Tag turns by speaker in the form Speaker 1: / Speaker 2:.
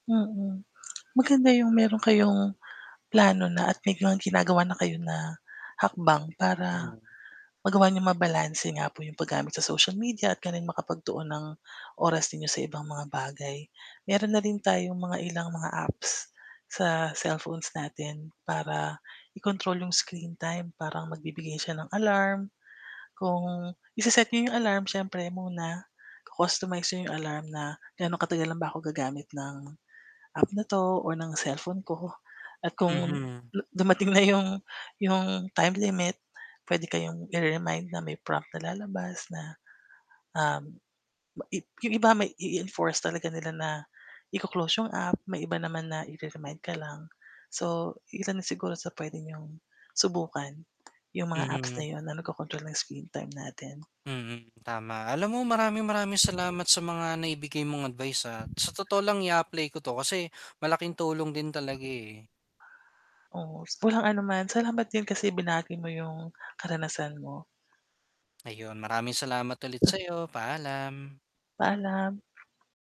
Speaker 1: Mm. Maganda yung meron kayong plano na at may ginagawa na kayo na hakbang para
Speaker 2: Mm.
Speaker 1: magawa niyong mabalanse nga po 'yong paggamit sa social media at ganon makapagtuon ng oras ninyo sa ibang mga bagay. Meron na rin tayong mga ilang mga apps sa cellphones natin para i-control 'yong screen time parang magbibigay siya ng alarm kung i-se-set niyo 'yong alarm siyempre muna-customize niyo 'yong alarm na gaano katagal lang ba ako gagamit ng app na 'to o ng cellphone ko at kung
Speaker 2: Mhm.
Speaker 1: dumating na yung yung time limit pwede kayong ire-remind na may prompt na lalabas na, um, ba ib yung iba may i-enforce talaga nila na iko-close yung app may iba naman na i-re-remind ka lang. So iilan na siguro sa pwedeng yung subukan yung mga apps na
Speaker 2: Mhm.
Speaker 1: yun na nag-co-control ng screen time natin.
Speaker 2: Mm, tama. alam mo maraming maraming salamat sa mga naibigay mong advice, ah, sa totoo lang i-apply ko to kasi malaking tulong din talaga eh.
Speaker 1: Oo, walang anuman, salamat din kasi binahagi mo yung karanasan mo.
Speaker 2: Ayun maraming salamat ulit sa'yo, paalam.
Speaker 1: Paalam.